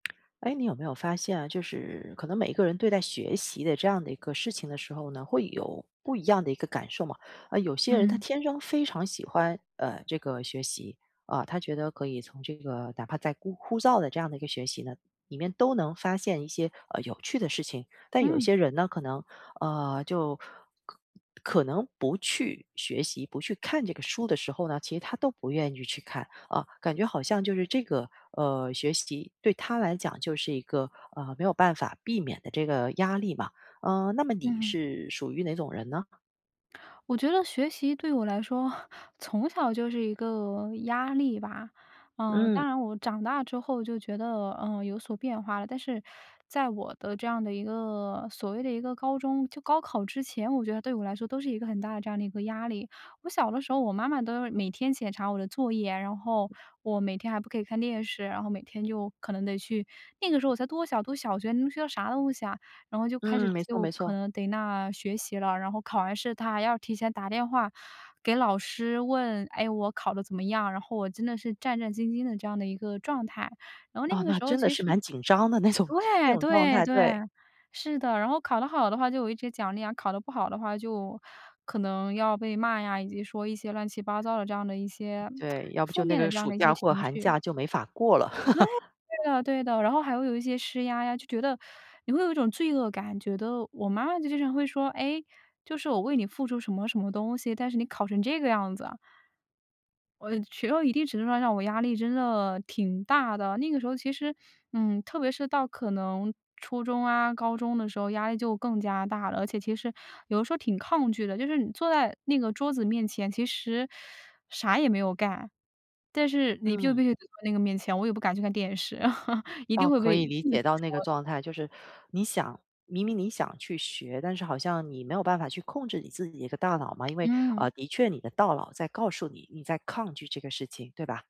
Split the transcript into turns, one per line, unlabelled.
诶，你有没有发现啊，就是可能每一个人对待学习的这样的一个事情的时候呢，会有不一样的一个感受嘛。啊，有些人他
嗯。
天生非常喜欢，呃，这个学习，啊，他觉得可以从这个哪怕再枯枯燥的这样的一个学习呢，里面都能发现一些，呃，有趣的事情，但有
嗯。
些人呢，可能啊，就可可能不去学习，不去看这个书的时候呢，其实他都不愿意去看，啊，感觉好像就是这个，呃，学习对他来讲就是一个，呃，没有办法避免的这个压力嘛，呃，那么你
嗯。
是属于哪种人呢？
我觉得学习对我来说 从小就是一个压力吧。呃，
嗯。
当然我长大之后就觉得，呃，有所变化了，但是在我的这样的一个所谓的一个高中，就高考之前，我觉得对我来说都是一个很大的这样的一个压力。我小的时候，我妈妈都是每天检查我的作业。然后我每天还不可以看电视，然后每天就可能得去那个时候我才多小，读小学，能学到啥东西啊，然后就开始
嗯，没错
就
没
可
错。
能逮那学习了，然后考完试，她还要提前打电话给老师问，诶，我考的怎么样，然后我真的是战战兢兢的这样的一个状态，然后那
啊，
个
那
时候
真的
其实
是蛮紧张的那种那
对，
种状
对，
态，对。
对。是的，然后考得好的话就有一些奖励啊，考得不好的话就可能要被骂呀，以及说一些乱七八糟的这样的一些
对，要不
负
就那
面的
个
这样
暑
的一些
假或
情
寒
绪。
假就没法过了。
对 的对的，然后还会有一些施压呀，就觉得 你会有一种罪恶感，觉得我妈妈就经常会说，诶，就是我为你付出什么什么东西，但是你考成这个样子。我觉得一定程度上让我压力真的挺大的，那个时候其实，嗯，特别是到可能初中啊，高中的时候压力就更加大了，而且其实有时候挺抗拒的，就是你坐在那个桌子面前，其实啥也没有干，但是你就
嗯。
必须得坐那个面前，我也不敢去看电视。一定
哦，
会
可
被
以理
父母
解到那个
说。
状态，就是你想明明你想去学，但是好像你没有办法去控制你自己一个大脑嘛，因为，
嗯。
呃，的确你的大脑在告诉你，你在抗拒这个事情，对吧？